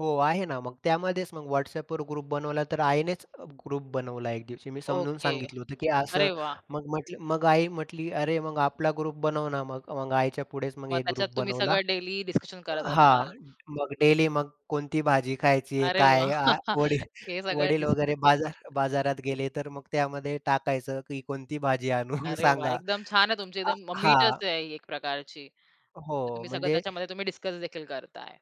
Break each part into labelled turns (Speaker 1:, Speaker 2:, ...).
Speaker 1: हो, आहे ना, मग त्यामध्येच मग WhatsAppवर ग्रुप बनवला, तर आईनेच अ, ग्रुप बनवला एक दिवशी. मी समजून
Speaker 2: ओके.
Speaker 1: सांगितलं होतं, की असं
Speaker 2: अरे वाह!
Speaker 1: मग म्हटलं मग आई म्हटली "अरे मग आपला" ग्रुप "बनव ना मग". मग आईच्या पुढेच मग
Speaker 2: मग
Speaker 1: एक
Speaker 2: त्याच्यात
Speaker 1: ग्रुप
Speaker 2: तुम्ही
Speaker 1: बनवला.
Speaker 2: सगळं डेलि डिसकशन
Speaker 1: अ,
Speaker 2: करत
Speaker 1: हां.
Speaker 2: असाल.
Speaker 1: मग डेलि मग कोणती भाजी खायची आहे,
Speaker 2: अरे
Speaker 1: काय
Speaker 2: वाह!
Speaker 1: आ, वडील
Speaker 2: हे सगळं
Speaker 1: वडील
Speaker 2: दिस
Speaker 1: वगैरे बाजार बाजारात गेले. तर मग त्यामध्ये टाकायचं की कोणती भाजी आणू
Speaker 2: अरे वाह!
Speaker 1: सांगा.
Speaker 2: एकदम छान आहे तुमची
Speaker 1: अ,
Speaker 2: एकदम म
Speaker 1: हां.
Speaker 2: मीटच आहे, एक प्रकारची. तर
Speaker 1: हो,
Speaker 2: तुम्ही सगळं
Speaker 1: म्हणजे
Speaker 2: त्याच्यामध्ये तुम्ही डिसक्सदेखील करताय.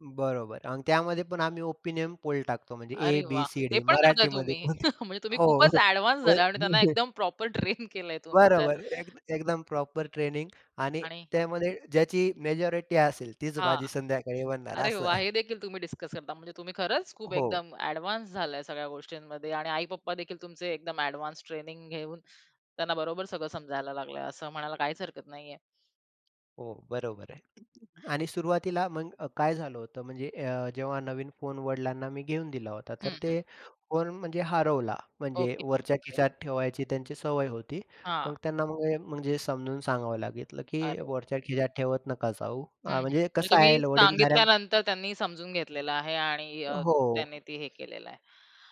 Speaker 1: बरोबर, आणि त्यामध्ये पण आम्ही ओपिनियन पोल टाकतो, म्हणजे ए,
Speaker 2: अरे
Speaker 1: बी,
Speaker 2: वाह!
Speaker 1: सी,
Speaker 2: हे
Speaker 1: डी.
Speaker 2: पण करताय
Speaker 1: मराठीमध्ये पण.
Speaker 2: तुम्ही? म्हणजे तुम्ही
Speaker 1: हो,
Speaker 2: खूपच
Speaker 1: होय
Speaker 2: ॲडव्हान्स्
Speaker 1: होय
Speaker 2: झाला आणि त्यांना
Speaker 1: म्हणजे
Speaker 2: एकदम प्रॉपर ट्रेन केलं आहे तुम्ही तर.
Speaker 1: बरोबर. एकद एकदम प्रॉपर ट्रेनिंग, आणि
Speaker 2: आणि.
Speaker 1: त्यामध्ये ज्याची मेजॉरिटी असेल, तीच
Speaker 2: हां,
Speaker 1: भाजी संध्याकाळी बनणार
Speaker 2: अरे
Speaker 1: असं.
Speaker 2: वाह! हे देखील तुम्ही डिसक्स करता? म्हणजे तुम्ही खरंच खूप
Speaker 1: हो.
Speaker 2: एकदम ॲडव्हान्स् झालाय सगळ्या गोष्टींमध्ये. आणि आई-पप्पादेखील तुमचे एकदम ॲडव्हान्स् ट्रेनिंग घेऊन, त्यांना बरोबर सगळं समजायला लागलं आहे. असं म्हणायला काहीच हरकत नाही आहे.
Speaker 1: हो, बरोबर आहे. आणि सुरुवातीला मग अ, काय झालं होतं, म्हणजे अ, जेव्हा नवीन फोन वडिलांना मी घेऊन दिला होता तर
Speaker 2: हं, हं.
Speaker 1: ते फोन म्हणजे हरवला. म्हणजे
Speaker 2: ओके,
Speaker 1: वरच्या
Speaker 2: बापरे!
Speaker 1: खिशात ठेवायची त्यांची सवय होती.
Speaker 2: हां.
Speaker 1: मग त्यांना मग अ, म्हणजे समजून सांगावं लागलं, की
Speaker 2: अरे!
Speaker 1: वरच्या खिशात ठेवत नका जाऊ
Speaker 2: हं,
Speaker 1: हां
Speaker 2: हं.
Speaker 1: म्हणजे
Speaker 2: म्हणजे
Speaker 1: कसं
Speaker 2: तुम्ही
Speaker 1: आहे, वडीलधाऱ्या
Speaker 2: सांगितल्यानंतर त्यांनी समजून घेतलेलं आहे आणि
Speaker 1: अ,
Speaker 2: अ,
Speaker 1: हो.
Speaker 2: त्यांनी ती, हे केलेलं आहे.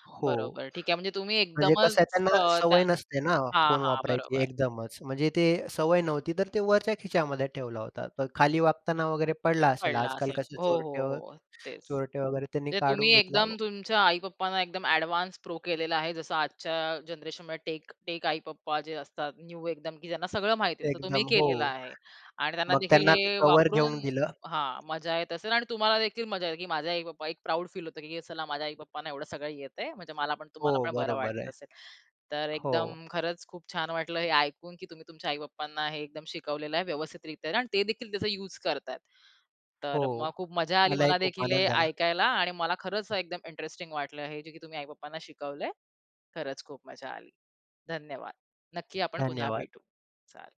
Speaker 1: हो.
Speaker 2: बरोबर ठीक आहे, म्हणजे तुम्ही
Speaker 1: म्हणजे कसं आहे,
Speaker 2: एकदमच
Speaker 1: त्यांना
Speaker 2: अ, त्या
Speaker 1: सवय नसते ना,
Speaker 2: हां,
Speaker 1: फोन
Speaker 2: हां,
Speaker 1: वापरायची
Speaker 2: बरोबर.
Speaker 1: एकदमच. म्हणजे ते सवय नव्हती. तर ते वरच्या खिच्यामध्ये ठेवला होता, तर खाली वागताना वगैरे पडला असेल.
Speaker 2: पडला
Speaker 1: आजकाल
Speaker 2: असेल.
Speaker 1: कसे
Speaker 2: हो, हो,
Speaker 1: चोरटे व
Speaker 2: हो, अ, तेच.
Speaker 1: चोरटे वगैरे त्यानी
Speaker 2: ते तुम्ही
Speaker 1: काढून घेतला व
Speaker 2: एकदम, तुमच्या आई-पप्पांना, एकदम ॲडव्हान्स् प्रो केलेला आहे. जसं आजच्या जनरेशनमध्ये टेक टेक आई-पप्पा जे असतात, न्यू एकदम, की ज्यांना सगळं माहिती आहे, तसं तुम्ही
Speaker 1: एकदम, हो.
Speaker 2: केलेलं आहे. आणि त्यांना
Speaker 1: मग
Speaker 2: देखील
Speaker 1: त्यांना मी
Speaker 2: हे
Speaker 1: कवर
Speaker 2: वापरून
Speaker 1: घेऊन दिलं.
Speaker 2: हां मजा येत असेल. आणि तुम्हाला देखील मजा येते, की माझे आई-पप्पा एक प्रौड फील होत, की असं चला माझ्या आई पप्पांना एवढं सगळं येतं आहे. म्हणजे मला पण,
Speaker 1: हो,
Speaker 2: तुम्हाला पण बरं
Speaker 1: बरोबर
Speaker 2: वाटत
Speaker 1: आहे.
Speaker 2: असेल. तर
Speaker 1: हो.
Speaker 2: एकदम खरंच खूप छान वाटलं हे ऐकून, की तुम्ही तुमच्या आई-पप्पांना हे एकदम शिकवलेलं आहे व्यवस्थित रित्या आणि ते देखील त्याचा युज करता आहेत.
Speaker 1: हो.
Speaker 2: तर मग खूप मजा आली
Speaker 1: मलाही
Speaker 2: मला
Speaker 1: खूप
Speaker 2: देखील हे
Speaker 1: आनंद झाला.
Speaker 2: ऐकायला, आणि मला खरंच एकदम इंटरेस्टिंग वाटलं. हे, जे की तुम्ही आई-पप्पांना शिकवलं आहे. खरंच खूप मजा आली. धन्यवाद. नक्की आपण पुन्हा
Speaker 1: धन्यवाद.
Speaker 2: भेटू, चालेल.